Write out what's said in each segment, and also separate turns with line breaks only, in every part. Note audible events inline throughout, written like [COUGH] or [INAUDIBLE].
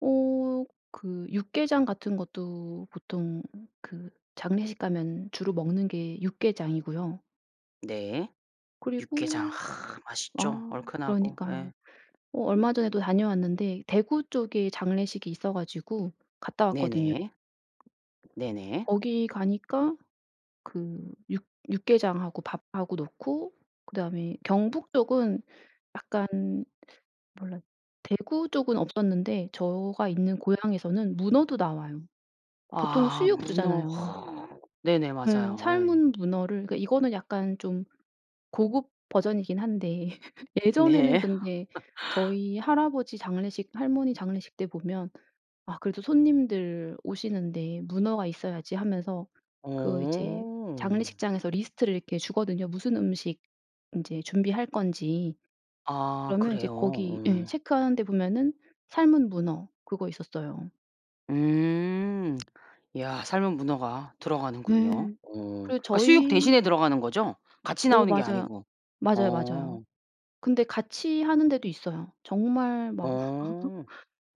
어. 그 육개장 같은 것도 보통 그 장례식 가면 주로 먹는 게 육개장이고요.
네. 육개장
그리고
아 맛있죠.
아
얼큰하고 예.
그러니까요. 어 얼마 전에도 다녀왔는데 대구 쪽에 장례식이 있어가지고 갔다 왔거든요.
네네. 네네.
거기 가니까 그 육 육개장하고 밥하고 놓고 그다음에 경북쪽은 약간 몰라 대구 쪽은 없었는데 저가 있는 고향에서는 문어도 나와요. 보통은
아
수육
문어.
주잖아요.
네네.
음.
맞아요. 예.
삶은 문어를 이거는 약간 좀 고급 버전이긴 한데 예전에는
네. [LAUGHS]
근데 저희 할아버지 장례식 할머니 장례식 때 보면 "아 그래도 손님들 오시는데 문어가 있어야지." 하면서 그 이제
어.
장례식장에서 리스트를 이렇게 주거든요. 무슨 음식 이제 준비할 건지.
아
그러면 이제
그래요?
거기 예
음.
체크하는데 보면은 삶은 문어 그거 있었어요.
음. 야 삶은 문어가 들어가는군요.
예.
어.
그
그니까 수육
저희
대신에 들어가는 거죠? 같이
어
나오는 게
맞아요.
아니고.
맞아요, 맞아요.
어.
근데 같이 하는 데도 있어요. 정말 막
어.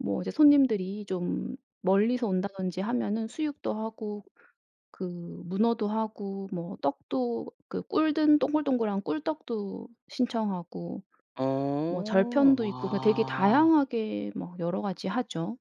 뭐 이제 손님들이 좀 멀리서 온다든지 하면은 수육도 하고 그 문어도 하고 뭐 떡도 그 꿀 든 동글동글한 꿀떡도 신청하고 뭐
어.
절편도 있고 되게
와.
다양하게 뭐 여러 가지 하죠.